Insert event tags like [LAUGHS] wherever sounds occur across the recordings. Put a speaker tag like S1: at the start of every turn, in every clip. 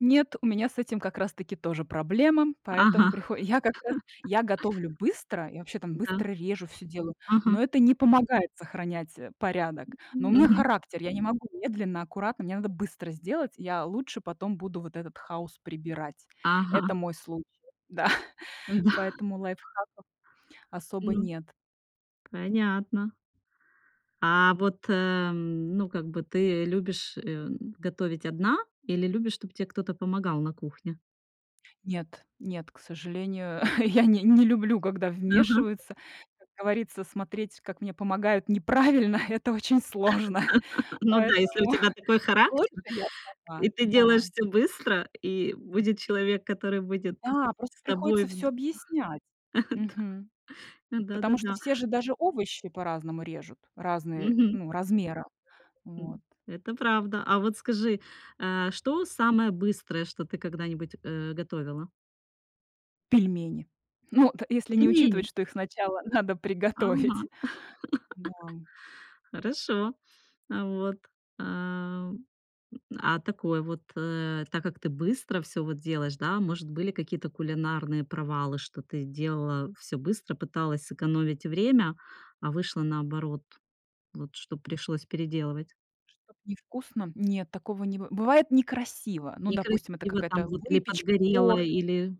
S1: Нет, у меня с этим как раз таки тоже проблема, поэтому
S2: Ага.
S1: прихо я как раз
S2: [CHUCKLES]
S1: я готовлю быстро, я вообще там
S2: Да.
S1: быстро режу всё делаю, но
S2: Ага.
S1: это не помогает сохранять, э, порядок. Но у меня
S2: Мгм.
S1: характер, я не могу медленно, аккуратно, мне надо быстро сделать, я лучше потом буду вот этот хаос прибирать. Это
S2: Ага.
S1: мой случай, да,
S2: Да.
S1: поэтому лайфхаков особо
S2: М.
S1: нет.
S2: Понятно. А вот, э, ну, как бы, ты любишь, э, готовить одна или любишь, чтоб тебе кто-то помогал на кухне?
S1: Нет, нет, к сожалению, я не не люблю, когда
S2: Ага.
S1: вмешиваются. Как говорится, смотреть, как мне помогают неправильно, это очень сложно,
S2: [LAUGHS] Ну да, если у
S1: поэтому
S2: тебя такой
S1: [CHUCKLES] лучше
S2: характер,
S1: я
S2: и
S1: сама.
S2: ты делаешь
S1: Да.
S2: всё быстро, и будет человек, который будет
S1: Да, просто
S2: с тобой
S1: приходится всё
S2: вд
S1: объяснять,
S2: Э.
S1: мгм,
S2: Да. Да, да,
S1: потому что
S2: да.
S1: все же даже овощи по-разному режут, разные, э,
S2: Мгм.
S1: ну размера. Вот.
S2: М, это правда. А вот скажи, э, что самое быстрое, что ты когда-нибудь, э, готовила?
S1: Пельмени. Ну от. Если не
S2: Пельмени?
S1: учитывать, что их сначала надо
S2: Ага.
S1: приготовить. Да.
S2: [LAUGHS] Хорошо. А вот, ам, а такой вот, э. Так как ты быстро всё вот делаешь, да, может были какие-то кулинарные провалы, что ты делала всё быстро, пыталась сэкономить время, а вышло наоборот, вот что пришлось переделывать?
S1: Что-то не вкусно? Нет, такого не быв бывает некрасиво. Ну, допустим, это
S2: Некрасиво там
S1: какая-то
S2: вот или
S1: выпечка,
S2: подгорело,
S1: торт.
S2: или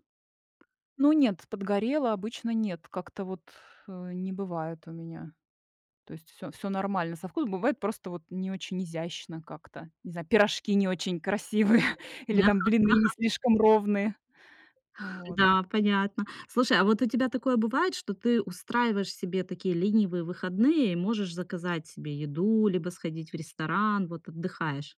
S1: Ну, нет, подгорела, обычно нет, как-то вот, э, не бывает у меня. То есть всё всё нормально со вкусом, бывает, просто вот не очень изящно как-то, не знаю, пирожки не очень красивые или
S2: Ага,
S1: там блины не
S2: ага.
S1: слишком ровные. Вот.
S2: Да, понятно. Слушай, а вот у тебя такое бывает, что ты устраиваешь себе такие ленивые выходные и можешь заказать себе еду, либо сходить в ресторан, вот отдыхаешь?